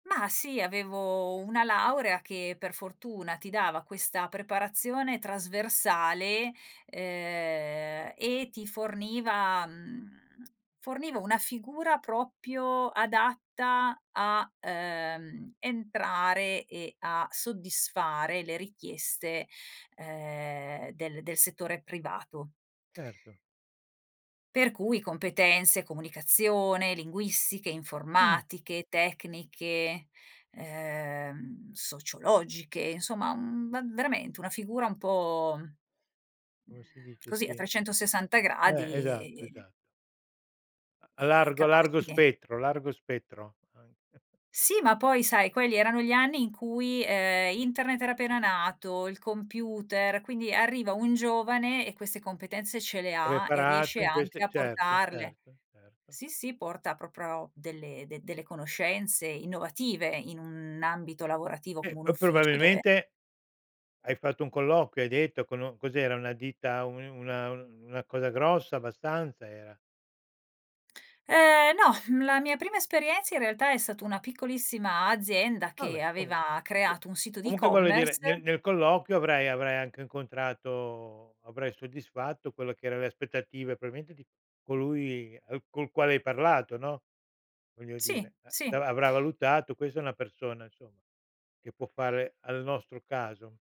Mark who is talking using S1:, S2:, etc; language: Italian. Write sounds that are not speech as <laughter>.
S1: Ma, sì, avevo una laurea che per fortuna ti dava questa preparazione trasversale, uhm, e ti forniva mhmm, <tsk> forniva una figura proprio adatta a, uhm, entrare, e a soddisfare le richieste, uhm, del del settore privato.
S2: Erto.
S1: Per cui competenze, comunicazione, linguistiche,
S2: Mh.
S1: informatiche, tecniche, uhm, sociologiche, insomma, mhmm, v veramente una figura un po'
S2: Come si dice,
S1: così a
S2: sì.
S1: 360
S2: Eh,
S1: gradi
S2: esatto,
S1: e e
S2: esa A
S1: e
S2: largo a largo
S1: capace di
S2: spettro largo spettro, anche. <chuckles>
S1: Sì, ma poi, sai, quelli erano gli anni in cui, uhm, Internet era appena nato, il computer, quindi arriva un giovane e queste competenze ce le ha, e
S2: Preparato
S1: riesce
S2: in
S1: anche
S2: queste
S1: a
S2: Certo,
S1: portarle.
S2: certo, certo.
S1: Sì, sì, porta proprio delle de delle conoscenze innovative in un ambito lavorativo
S2: Eh,
S1: come un
S2: poi,
S1: ufficio dove
S2: probabilmente hai fatto un colloquio, hai detto con u cos'era una ditta, un una un una cosa grossa abbastanza era?
S1: Ehm, no, la mia prima esperienza in realtà è stata una piccolissima azienda che
S2: Vabbè, comun
S1: aveva
S2: <unintelligible>
S1: creato un sito di
S2: Comunque voglio dire
S1: e-commerce
S2: nel nel colloquio avrai avrai anche incontrato avrai soddisfatto quello che era le aspettative probabilmente di colui al col quale hai parlato, no, voglio
S1: Sì,
S2: dire, eh.
S1: sì.
S2: Avrà avrà valutato: "Questa è una persona, insomma, che può fare al nostro caso."